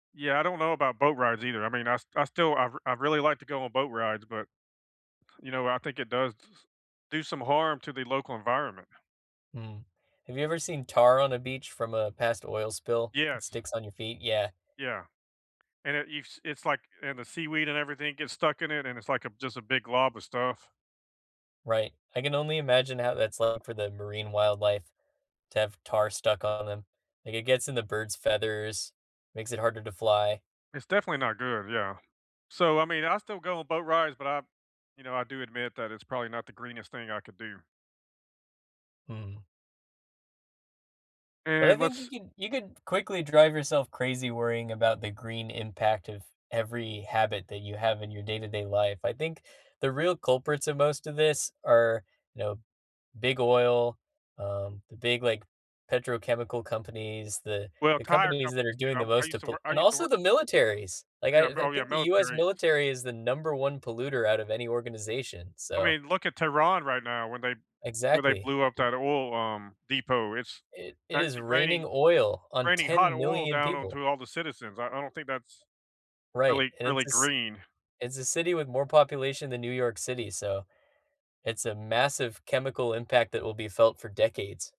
Yeah, I don't know about boat rides either. I mean, I st I stilI I've I've really like to go on boat rides, but, you know, I think it does s do some harm to the local environment. Hmm, have you ever seen tar on a beach from a past oil spill that Yes. sticks on your feet? Yeah. Yeah, and it eves it's like and the seaweed and everything gets stuck in it, and it's like a just a big glob of stuff. Right, I can only imagine how that's, uh, for the marine wildlife to have tar stuck on 'em, like, it gets in the bird's feathers, makes it harder to fly. It's definitely not good, yeah. So, I mean, I still go on boat rides, but I, you know, I do admit that it's probably not the greenest thing I could do. Mhm. But I And think you let's can you could quickly drive yourself crazy worrying about the green impact of every habit that you have in your day to day life. I think the real culprits of most of this are, know, big oil, um, the big, like, petrochemical companies, the Well, the tire companies that companies, are you doing the know I most used to to pull work I and used to also work the militaries, like, Yeah, I I mil yeah, think the US militaries. military is the number 1 polluter out of any organization, I so mean, look at Tehran right now when they where they Exactly. blew up that oil, um, depot. It's It it is actually raining raining oil on raining hot ten oil million down people. onto all the citizens. I I don't think that's Right, really and it's really a ci green. it's a city with more population than New York City, so, it's a massive chemical impact that will be felt for decades.